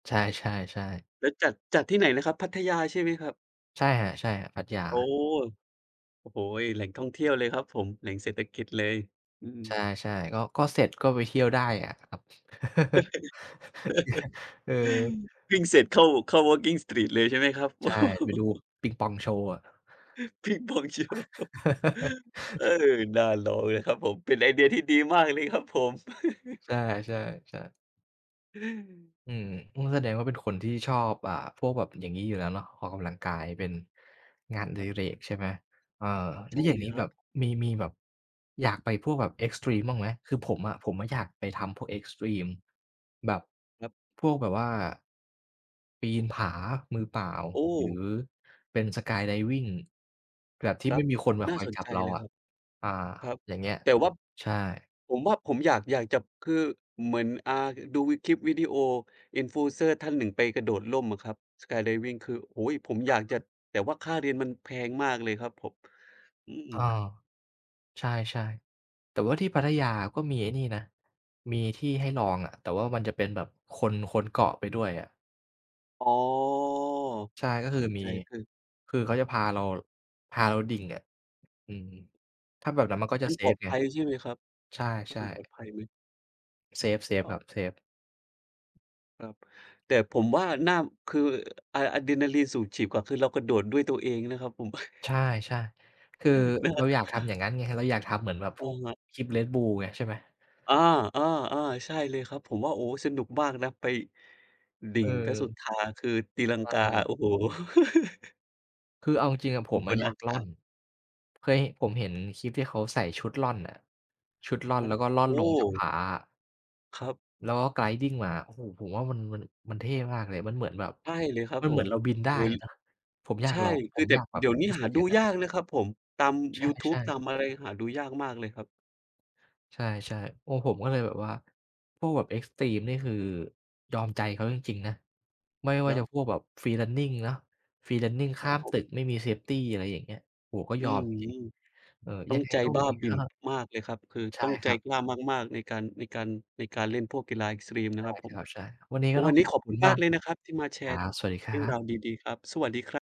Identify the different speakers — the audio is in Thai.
Speaker 1: ใช่ ๆ ๆ
Speaker 2: แล้วจัด จัดที่ไหนนะครับ พัทยาใช่ไหมครับ?
Speaker 1: ใช่ครับ ๆ พัทย
Speaker 2: โอ้!
Speaker 1: า
Speaker 2: โอ้โฮ แหล่งท่องเที่ยวเลยครับผม แหล่งเศรษฐกิจเลย อือ
Speaker 1: ใช่ ๆ ก็ ก็เสร็จก็ไปเที่ยวได้อะครับ เอ่อ
Speaker 2: วิ่งเสร็จเข้า เข้า Walking Street เลยใช่ไหมครับ?
Speaker 1: ใช่ ไปดูปิงปองโชว์อะ
Speaker 2: ปิงปองโชว์ เออ น่าลองเลยนะครับผม เป็นไอเดียที่ดีมากเลยครับผม
Speaker 1: ใช่ ๆ ๆ อืม อุ๊ย แสดงว่าเป็นคนที่ชอบ อ่า พวกแบบอย่างงี้อยู่แล้วเนาะ ออกกำลังกายเป็นงานอ
Speaker 2: ค
Speaker 1: ดิ
Speaker 2: รับ
Speaker 1: เรกใช่ไหม เออ แล
Speaker 2: ใ
Speaker 1: ้
Speaker 2: ช
Speaker 1: ว
Speaker 2: ่
Speaker 1: อย่าง
Speaker 2: เล
Speaker 1: นี
Speaker 2: ย
Speaker 1: ้
Speaker 2: คร
Speaker 1: แบ
Speaker 2: ั
Speaker 1: บ
Speaker 2: บ
Speaker 1: มี มีแบบอยากไปพวกแบบ เอ็กซ์ตรีม บ้างไหม คือผมอะ ผมอยากไปทำพวก เอ็กซ์ตรีม แบบ
Speaker 2: ครับ
Speaker 1: พวกแบบว่าปีนผามือเปล่า
Speaker 2: โอ้
Speaker 1: หรือเป็น Skydiving แบบท
Speaker 2: ค
Speaker 1: ี่
Speaker 2: ร
Speaker 1: ไ
Speaker 2: ั
Speaker 1: ม
Speaker 2: บ
Speaker 1: ่มีคนมา
Speaker 2: น่
Speaker 1: ค
Speaker 2: า
Speaker 1: อย
Speaker 2: สน
Speaker 1: จั
Speaker 2: ใ
Speaker 1: บ
Speaker 2: จ
Speaker 1: เรา
Speaker 2: เลย
Speaker 1: อ
Speaker 2: ค
Speaker 1: ะ
Speaker 2: รับ
Speaker 1: อา
Speaker 2: ครับ
Speaker 1: อย่างเงี้ย
Speaker 2: แต่ว่า
Speaker 1: ใช่
Speaker 2: ผมว่าผมอยาก อยากจะ คือเหมือน อ่า ดูคลิปวิดีโอ Influencer ท่านหนึ่งไปกระโดดร่มอะครับ Skydiving คือ โอ้ ผมอยากจะ
Speaker 1: [unintelligible]
Speaker 2: แต่ว่าค่าเรียนมันแพงมากเลยครับผม อื
Speaker 1: เอ
Speaker 2: อ
Speaker 1: อ ใช่ ๆ แต่ว่าที่พัทยาก็มีไอ้นี่นะ มีที่ให้ลองอะ แต่ว่ามันจะเป็นแบบคน คนเกาะไปด้วยอะ
Speaker 2: อ๋อ
Speaker 1: ใช่ ก็
Speaker 2: เข
Speaker 1: คื
Speaker 2: ้
Speaker 1: อ
Speaker 2: า
Speaker 1: มี
Speaker 2: ใจ คือ
Speaker 1: คือเขาจะพาเรา พาเราดิ่งอะ อืม ถ้าแบบนั้นมันก็จ
Speaker 2: ม
Speaker 1: ะ
Speaker 2: ัน
Speaker 1: เซ
Speaker 2: ปลอ
Speaker 1: ฟ
Speaker 2: ด
Speaker 1: ไ
Speaker 2: ภ
Speaker 1: ง
Speaker 2: ัยใช่ไหมครับ
Speaker 1: ใช
Speaker 2: ม
Speaker 1: ่
Speaker 2: ันปลอ
Speaker 1: ๆ
Speaker 2: ดภัยไหม?
Speaker 1: เซฟ เซ
Speaker 2: อ
Speaker 1: ฟ
Speaker 2: ๋
Speaker 1: ครับ
Speaker 2: อ
Speaker 1: เซฟ
Speaker 2: ครับ แต่ผมว่าน่า คือ อ อะดรีนาลินสูบฉีดกว่า คือเรากระโดดด้วยตัวเองนะครับผม
Speaker 1: ใช่ ๆ คือ
Speaker 2: นะ
Speaker 1: เ
Speaker 2: คร
Speaker 1: รา
Speaker 2: ับ
Speaker 1: อยากทำอย่างนั้นไง เราอยากทำเหมือนแบบ
Speaker 2: โ
Speaker 1: พ
Speaker 2: อ
Speaker 1: ว
Speaker 2: ้
Speaker 1: ก
Speaker 2: ฮะ
Speaker 1: คลิป Red Bull ไง ใช่ไหม?
Speaker 2: อา ๆ ๆ ใช่เลยครับ ผมว่า โอ้ สนุกมากนะไป ดิ่
Speaker 1: เ
Speaker 2: งพระสุ
Speaker 1: ออ
Speaker 2: ธาคือตีลัง
Speaker 1: เ
Speaker 2: กา
Speaker 1: ออ
Speaker 2: โอ้โฮ
Speaker 1: คือเอาจริง ๆ ผ
Speaker 2: อยู
Speaker 1: ม
Speaker 2: ่บน
Speaker 1: อย
Speaker 2: อ
Speaker 1: า
Speaker 2: า
Speaker 1: กร่
Speaker 2: ก
Speaker 1: อ
Speaker 2: า
Speaker 1: น
Speaker 2: ศ
Speaker 1: เคย ผมเห็นคลิปที่เขาใส่ชุดร่อนอะ ชุดร่อน
Speaker 2: ค
Speaker 1: แ
Speaker 2: ร
Speaker 1: ล
Speaker 2: ั
Speaker 1: ้ว
Speaker 2: บ
Speaker 1: ก็ร่อ
Speaker 2: โ
Speaker 1: น
Speaker 2: อ
Speaker 1: ล
Speaker 2: ้
Speaker 1: งจากผาอะ
Speaker 2: ครับ
Speaker 1: แล้วก็ Gliding มา โอ้โฮ ผมว่ามัน มัน มันเท่มากเลย มันเหมือนแบบ
Speaker 2: ใช่เลยครับ
Speaker 1: มัน
Speaker 2: ผ
Speaker 1: เหมือ
Speaker 2: ม
Speaker 1: นเราบินไ
Speaker 2: โ
Speaker 1: ด
Speaker 2: อ
Speaker 1: ้
Speaker 2: ้ ล
Speaker 1: นะ ผมอยา
Speaker 2: ใช
Speaker 1: ก
Speaker 2: ่
Speaker 1: ลอง ผ
Speaker 2: คือ
Speaker 1: ม
Speaker 2: แต
Speaker 1: อ
Speaker 2: ่
Speaker 1: ยากแบ
Speaker 2: เ
Speaker 1: บ
Speaker 2: ดี๋ยวนี้
Speaker 1: รู้
Speaker 2: ห
Speaker 1: ส
Speaker 2: า
Speaker 1: ึกอ
Speaker 2: ด
Speaker 1: ย
Speaker 2: ู
Speaker 1: ่างนั้
Speaker 2: ย
Speaker 1: น
Speaker 2: ากนะครับผม ตาม
Speaker 1: ใ
Speaker 2: ยูทู
Speaker 1: ช
Speaker 2: บ
Speaker 1: ่
Speaker 2: ตา
Speaker 1: ๆ
Speaker 2: มอะไร หาดูยากมากเลยครับ
Speaker 1: ใช่ ๆ โอ้ ผมก็เลยแบบว่า พวกแบบ เอ็กซ์ตรีม นี่ คือยอมใจเขาจริง ๆ นะ ไม่ว่
Speaker 2: ค
Speaker 1: า
Speaker 2: รั
Speaker 1: จ
Speaker 2: บ
Speaker 1: ะพวกแบบ Free Running เนาะ Free Running ข
Speaker 2: ค
Speaker 1: ้
Speaker 2: รั
Speaker 1: า
Speaker 2: บ
Speaker 1: ม
Speaker 2: ผ
Speaker 1: ต
Speaker 2: ม
Speaker 1: ึกไม่มีเซฟตี อะไรอย่างเงี้ย โอ้โฮ ก็
Speaker 2: อ
Speaker 1: ย
Speaker 2: ื
Speaker 1: อ
Speaker 2: อ
Speaker 1: มจริ
Speaker 2: ฮ
Speaker 1: ง
Speaker 2: ึ
Speaker 1: ๆ เออ
Speaker 2: ต้
Speaker 1: ย
Speaker 2: อ
Speaker 1: ัง
Speaker 2: ง
Speaker 1: ไง
Speaker 2: ใจ
Speaker 1: ก็
Speaker 2: บ
Speaker 1: ว
Speaker 2: ้
Speaker 1: ั
Speaker 2: า
Speaker 1: นนี้
Speaker 2: บ
Speaker 1: ก
Speaker 2: ิ่
Speaker 1: ็
Speaker 2: น มากเลยครับ คือ
Speaker 1: ใช
Speaker 2: ต
Speaker 1: ่
Speaker 2: ้องใ
Speaker 1: ค
Speaker 2: จ
Speaker 1: รับ
Speaker 2: กล้ามาก ๆ ในการ ในการ ในการเล่นพวกกีฬา เอ็กซ์ตรีม น
Speaker 1: ใช
Speaker 2: ะ
Speaker 1: ่
Speaker 2: ครับผ
Speaker 1: ค
Speaker 2: ม
Speaker 1: รับ ใช่ วันนี้ก็
Speaker 2: ว
Speaker 1: ต้
Speaker 2: ั
Speaker 1: อ
Speaker 2: น
Speaker 1: ง
Speaker 2: นี้
Speaker 1: ขอ
Speaker 2: ข
Speaker 1: บ
Speaker 2: อบ
Speaker 1: ค
Speaker 2: คุ
Speaker 1: ุ
Speaker 2: ณ
Speaker 1: ณ
Speaker 2: ม
Speaker 1: ม
Speaker 2: า
Speaker 1: า
Speaker 2: ก
Speaker 1: ก
Speaker 2: เลยนะครับที่มาแช
Speaker 1: ครั
Speaker 2: ร์
Speaker 1: บ สวัสดีค
Speaker 2: เร
Speaker 1: ร
Speaker 2: ื
Speaker 1: ั
Speaker 2: ่องร
Speaker 1: บ
Speaker 2: าวดี ๆ ครับ สวัสดีครับ